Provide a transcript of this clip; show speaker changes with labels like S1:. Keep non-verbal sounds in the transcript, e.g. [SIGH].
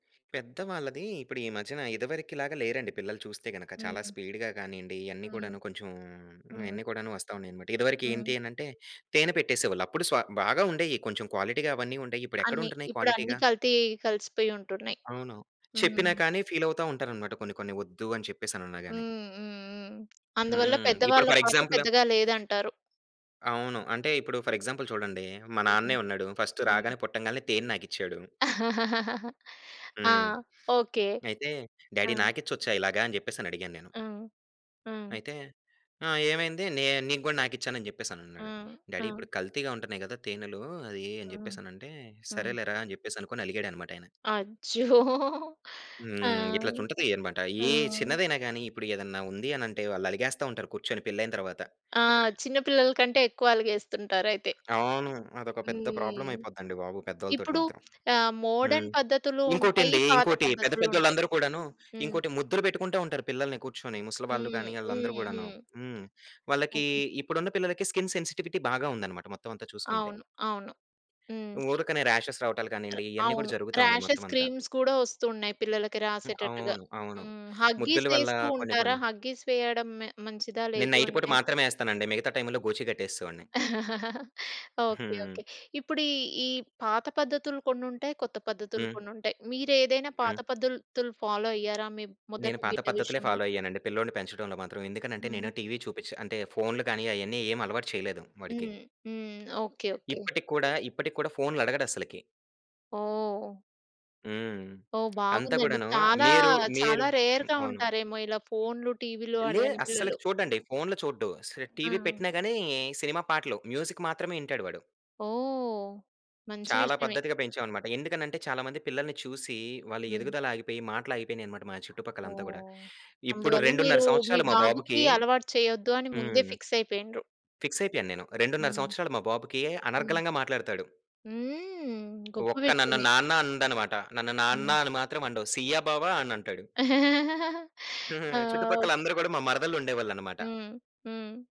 S1: పెద్దవాళ్ళది ఇప్పుడు ఈ మధ్యన ఇదివరకి లాగా లేరండి పిల్లలు చూస్తే గనక చాలా
S2: హ్మ్.
S1: స్పీడ్‌గా గానీండి, ఇయన్నీ
S2: హ్మ్.
S1: గూడాను కొంచెం హ్మ్.
S2: హ్మ్.
S1: ఇయన్నీ కూడాను వస్తున్నాయన్నమాట. ఇదివరకి
S2: హ్మ్.
S1: ఏంటి అనంటే తేనె పెట్టేసేవాళ్ళు. అప్పుడు స బాగా ఉండేయి కొంచెం క్వాలిటీగా అవన్నీ ఉండేయి.
S2: అన్ని.
S1: ఇప్పుడెక్కడుంటున్నాయి
S2: ఇప్పుడన్ని
S1: క్వాలిటీగా?
S2: కల్తీ కలిసిపోయి ఉంటున్నాయి.
S1: అవును. చెప్పినా
S2: హ్మ్.
S1: కాని ఫీల్ అవుతా ఉంటారన్నమాట. కొన్ని కొన్ని వద్దు అని చెప్పేసినన్నా గాని.
S2: హ్మ్. హ్మ్. హ్మ్. అందువల్ల
S1: హ్మ్. ఇప్పుడు
S2: పెద్దవాళ్ళ
S1: ఫోర్
S2: పాత్ర
S1: ఎగ్జాంపుల్
S2: పెద్దగా లేదంటారు?
S1: అవును. అంటే ఇప్పుడు ఫోర్ ఎగ్జాంపుల్ చూడండి మా నాన్నే
S2: హ్మ్.
S1: ఉన్నాడు. ఫస్ట్
S2: హ్మ్.
S1: రాగానే పుట్టంగానే తేనె నాకిచ్చాడు.
S2: [LAUGHS] ఆ!
S1: హ్మ్.
S2: ఓకే.
S1: "అయితే
S2: ఆ!
S1: డ్యాడీ నాకిచ్చొచ్చా ఇలాగా?" అని జెప్పేసని అడిగాను నేను.
S2: హ్మ్. హ్మ్.
S1: అయితే "ఆ! ఏమైంది? నే నీకు గూడా నాకిచ్చాను" అని జెప్పేసినన్నాడు.
S2: హ్మ్.
S1: "డ్యాడీ
S2: హ్మ్.
S1: ఇప్పుడు కల్తీగా ఉంటున్నాయి గదా తేనెలు, అయి" అని
S2: హ్మ్.
S1: జెప్పేసనంటే,
S2: హ్మ్.
S1: "సరేలేరా!" అని జెప్పేసి అనుకోని, అలిగాడనమాట అయన.
S2: అచ్చో! ఆ!
S1: హ్మ్. ఇట్లా ఉంటది అన్నమాట.
S2: ఆ!
S1: ఏ చిన్నదైనా గాని ఇప్పుడు ఏదైనా ఉంది అనంటే వాళ్ళు అలిగేస్తా ఉంటారు కూర్చొని పెళ్ళైన తరువాత.
S2: ఆ! చిన్నపిల్లల కంటే ఎక్కువ అలిగేస్తుంటారు అయితే.
S1: అవును. అదొక పెద్ద ప్రాబ్లమ్
S2: హ్మ్.
S1: అయిపోద్దండి బాబు! పెద్దోల తోటి
S2: ఇప్పుడు
S1: మాత్రం.
S2: ఆహ్,
S1: హ్మ్.
S2: మోడర్న్ పద్ధతులు ఉంటాయి,
S1: ఇంకోటండి,
S2: పాత
S1: ఇంకోటి పెద్ద
S2: పద్ధతులుంటాయి
S1: పెద్దోళ్ళందరు కూడాను
S2: హ్మ్.
S1: ఇంకోటి ముద్దులు బెట్టుకుంటా ఉంటారు పిల్లల్ని కూర్చొని. ముసలి వాళ్ళు గానీ,
S2: హ్మ్.
S1: ఆళ్ళందరూ
S2: హ్మ్.
S1: గూడాను.
S2: హ్మ్.
S1: హ్మ్. వాళ్ళకి
S2: ఓకే.
S1: ఇప్పుడున్న పిల్లలకి స్కిన్ సెన్సిటివిటీ బాగా ఉందన్నమాట మొత్తమంతా చూసుకుంటే.
S2: అవును. అవును. హ్మ్.
S1: ఊరికనే రాషెస్ రావటాలు కానీండి, ఇయన్నీ కూడా
S2: అవును.
S1: జరుగుతా ఉన్నాయి
S2: రాషెస్
S1: మొత్తమంతా.
S2: క్రీమ్స్ గూడా ఒస్తు ఉన్నాయి పిల్లలకి
S1: హ్మ్.
S2: రాసేటట్టుగా.
S1: అవును. అవును.
S2: హ్మ్.
S1: ముద్దుల
S2: హగ్గీస్
S1: వల్ల
S2: ఎస్తూ
S1: కొన్ని
S2: ఉంటారా?
S1: కొన్ని
S2: హగ్గీస్ వేయడం మె మంచిదా
S1: నేను
S2: లేదు
S1: నైట్ పూట
S2: అంటే
S1: మాత్రమే ఎస్తానండి. మిగతా టైమ్‌లో గోచి గట్టేసేవాడిని.
S2: [CHUCKLES]
S1: [GIGGLES]
S2: ఓకే.
S1: హ్మ్.
S2: ఓకే. ఇప్పుడు ఈ ఈ పాత పద్ధతులు కొన్నుంటాయి, కొత్త పద్ధతులు
S1: హ్మ్.
S2: కొన్నుంటాయి. మీరేదైనా పాత
S1: హ్మ్.
S2: పద్దతులు ఫాలో అయ్యారా? మీ
S1: నేను
S2: మొదటి
S1: పాత
S2: బిడ్డ
S1: పద్ధతులే
S2: విషయంలో?
S1: ఫాలో అయ్యానండి పిల్లోడిని పెంచడంలో మాత్రం. ఎందుకనంటే నేను
S2: హ్మ్.
S1: టీవీ చూపించ్ అంటే ఫోనులు గాని, అయన్నీ ఏమి అలవాటు చేయలేదు వాడికి.
S2: హ్మ్. హ్మ్. ఓకే. ఓకే.
S1: ఇప్పటికి కూడా ఇప్పటికి కూడా ఫోనులు అడగడస్సలకి.
S2: ఓహ్!
S1: హ్మ్.
S2: ఓహ్!
S1: అంత
S2: బాగుందండి.
S1: కూడాను
S2: చాలా
S1: మీరు మీరు
S2: చాలా
S1: హ్మ్.
S2: రేర్‌గా
S1: అవును.
S2: ఉంటారేమో! ఇలా ఫోనులు, టీవీలు
S1: లే
S2: అడగని
S1: అస్సలకి
S2: పిల్లలు!
S1: చూడండి, ఫోనులు అస్ చూడడు. టీవీ
S2: హ్మ్.
S1: పెట్టినా గాని సినిమా పాటలు మ్యూజిక్ మాత్రమే వింటాడు వాడు.
S2: ఓహ్! మంచి
S1: చాలా
S2: విషయమే.
S1: పద్ధతిగా పెంచామన్నమాట. ఎందుకంటే చాలా మంది పిల్లల్ని చూసి వాళ్ళ
S2: హ్మ్.
S1: ఎదుగుదల ఆగిపోయి, మాటలు ఆగిపోయినాయన్నమాట మా చుట్టుపక్కల అంతా గూడా.
S2: ఓహ్!
S1: ఇప్పుడు
S2: అందువల్ల
S1: 2.5
S2: మీరు మీ
S1: సంవత్సరాలు మా బాబుకి
S2: బాబుకి అలవాటు చేయొద్దు అని ముందే
S1: హ్మ్.
S2: ఫిక్స్ అయిపోయిండ్రు.
S1: ఫిక్స్ అయిపోయాను నేను. 2.5
S2: హ్మ్.
S1: సంవత్సరాలు మా బాబుకి
S2: హ్మ్.
S1: అనర్గళంగా మాట్లాడతాడు.
S2: హ్మ్! గొప్ప
S1: ఒక్క నన్ను
S2: విషయమే!
S1: నాన్న అండనమాట. నన్ను నాన్న
S2: హ్మ్.
S1: అని మాత్రం అనడు. సియ్య బావ అని అంటాడు.
S2: [CHUCKLES] ఆ!
S1: [CHUCKLES]
S2: ఒక్
S1: చుట్టుపక్కలందరు గూడా మా మరదళ్ళుండేవాళ్ళన్నమాట.
S2: హ్మ్. హ్మ్.